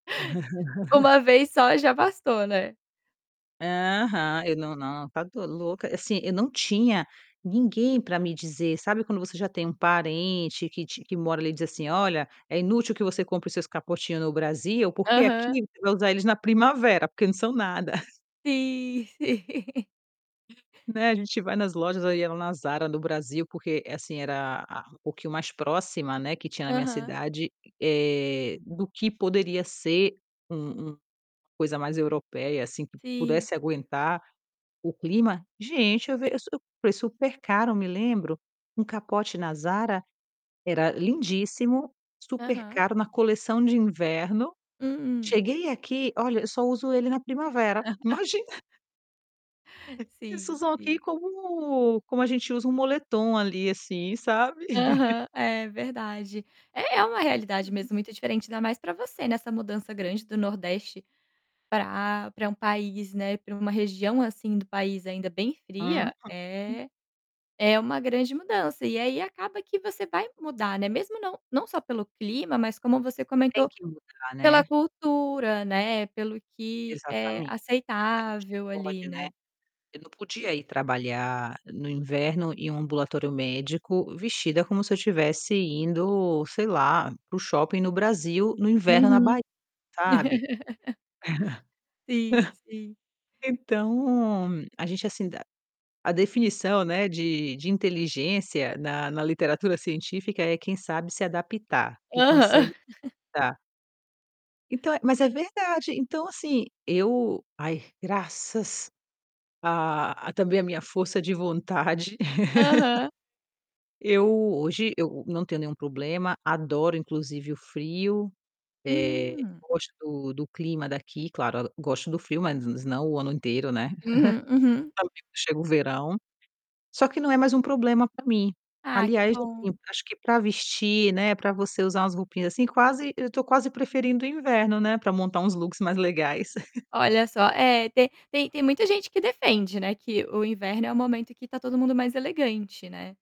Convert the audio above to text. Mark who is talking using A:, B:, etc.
A: Uma vez só já bastou né.
B: Aham, eu não não está doi louca, assim, eu não tinha ninguém para me dizer. Sabe quando você já tem um parente que te que uma hora ali e diz assim: "Olha, é inútil que você compre os seus capotinho no Brasil, porque
A: Aham.
B: aqui você vai usar eles na primavera, porque eles não são nada".
A: Sim, sim.
B: Né, a gente vai nas lojas eu ia lá na Zara no Brasil, porque é assim era a o que o mais próxima, né, que tinha na minha
A: Aham.
B: cidade, eh, do que poderia ser um um uma coisa mais europeia assim que
A: Sim.
B: pudesse aguentar o clima, gente eu v eu foi supercaro. Eu me lembro, um capote na Zara, era lindíssimo,
A: Aham.
B: supercaro na coleção de inverno.
A: Hum.
B: Cheguei aqui, olha, eu só uso ele na primavera, imagina. Eles
A: Sim,
B: usam aqui
A: sim.
B: como como a gente usa um moletom ali, assim, sabe?
A: Aham, é, verdade. É, é uma realidade mesmo muito diferente, ainda mais para você, né, essa mudança grande do nordeste, para para um país, né, para uma região assim do país ainda bem fria,
B: Uhum.
A: é é uma grande mudança, e aí acaba que você vai mudar, né, mesmo não não só pelo clima, mas como você
B: Tem
A: comentou,
B: que mudar,
A: pela
B: né.
A: cultura, né, pelo que é
B: Exatamente. A gente
A: aceitável
B: não
A: ali,
B: pode,
A: né.
B: né. Eu não podia ir trabalhar no inverno em um ambulatório médico vestida como se eu estivesse indo, sei lá, para o shopping no Brasil no inverno na
A: Uhum.
B: Bahia, sabe?
A: Sim, sim.
B: Então, a gente assim, a a definição, né, de de inteligência na na literatura científica é quem sabe se adaptar, que
A: Aham.
B: consegue tá. Então é mas é verdade. Então assim, eu ai graças a a também a minha força de vontade.
A: Aham.
B: Eu hoje, eu não tenho nenhum problema, adoro inclusive o frio, eh,
A: Hum.
B: gosto do do clima daqui, claro a gosto do frio, mas não o ano inteiro, né.
A: Uhum, uhum.
B: [unintelligible] Chega o verão Só que não é mais um problema para mim.
A: Ah, que
B: Aliás,
A: bom.
B: assim, acho que para vestir, né, para você usar uns roupinhas assim quase eu estou quase preferindo o inverno, né, para montar uns looks mais legais.
A: Olha só, é, tem tem tem muita gente que defende, né, que o inverno é o momento que está todo mundo mais elegante, né.